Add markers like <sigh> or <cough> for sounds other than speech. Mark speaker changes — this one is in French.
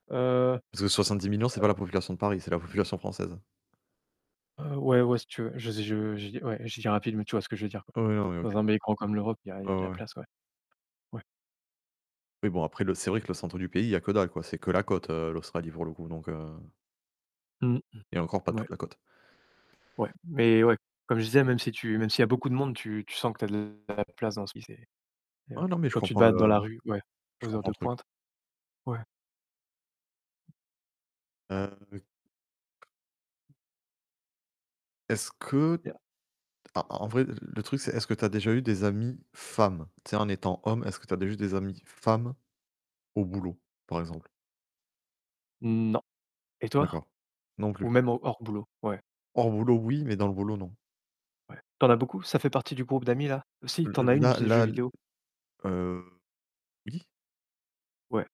Speaker 1: Heu,
Speaker 2: Parce que 70 000 000 c'est pas
Speaker 1: heu
Speaker 2: la population de Paris, c'est la population française.
Speaker 1: Heu ouais, ouais, si tu veux, je zé je dis, ouais, je dis rapidement, tu vois ce que veux dire quoi.
Speaker 2: Ouais, ouais. OK.
Speaker 1: Dans un bel écran comme l'Europe, il y a il y
Speaker 2: Ouais,
Speaker 1: a de la
Speaker 2: ouais.
Speaker 1: place ouais. Ouais.
Speaker 2: Mais bon après le c'est vrai que le centre du pays il y a que dalle quoi, c'est que la côte, heu, l'Australie pour le coup donc heu
Speaker 1: Mmh.
Speaker 2: Et encore pas
Speaker 1: Ouais.
Speaker 2: toute la côte.
Speaker 1: Ouais, mais ouais, comme je disais, même si tu, même s'il y beaucoup de monde, tu tu sens que tu as de la place dans ce lycée. Et
Speaker 2: Non, non, mais je
Speaker 1: quand tu te
Speaker 2: comprends
Speaker 1: balades dans
Speaker 2: le
Speaker 1: la rue, ouais,
Speaker 2: je
Speaker 1: aux heures
Speaker 2: comprends
Speaker 1: de
Speaker 2: le truc.
Speaker 1: pointe, ouais.
Speaker 2: Ah oui. Est-ce que,
Speaker 1: <unintelligible>
Speaker 2: en en vrai le truc c'est est-ce que tu as déjà eu des amis femmes? Tu sais en étant homme est-ce que tu as déjà eu des amis femmes au boulot par exemple?
Speaker 1: Non. Et toi?
Speaker 2: D'accord. Non
Speaker 1: Ou
Speaker 2: plus.
Speaker 1: même hors hors boulot, ouais.
Speaker 2: Hors boulot oui, mais dans le boulot non.
Speaker 1: Ouais. Tu en as beaucoup? Ça fait partie du groupe d'amis là? Si, tu
Speaker 2: Le
Speaker 1: en as une,
Speaker 2: la
Speaker 1: c'est jeux
Speaker 2: la.
Speaker 1: vidéo.
Speaker 2: Heu oui.
Speaker 1: Ouais.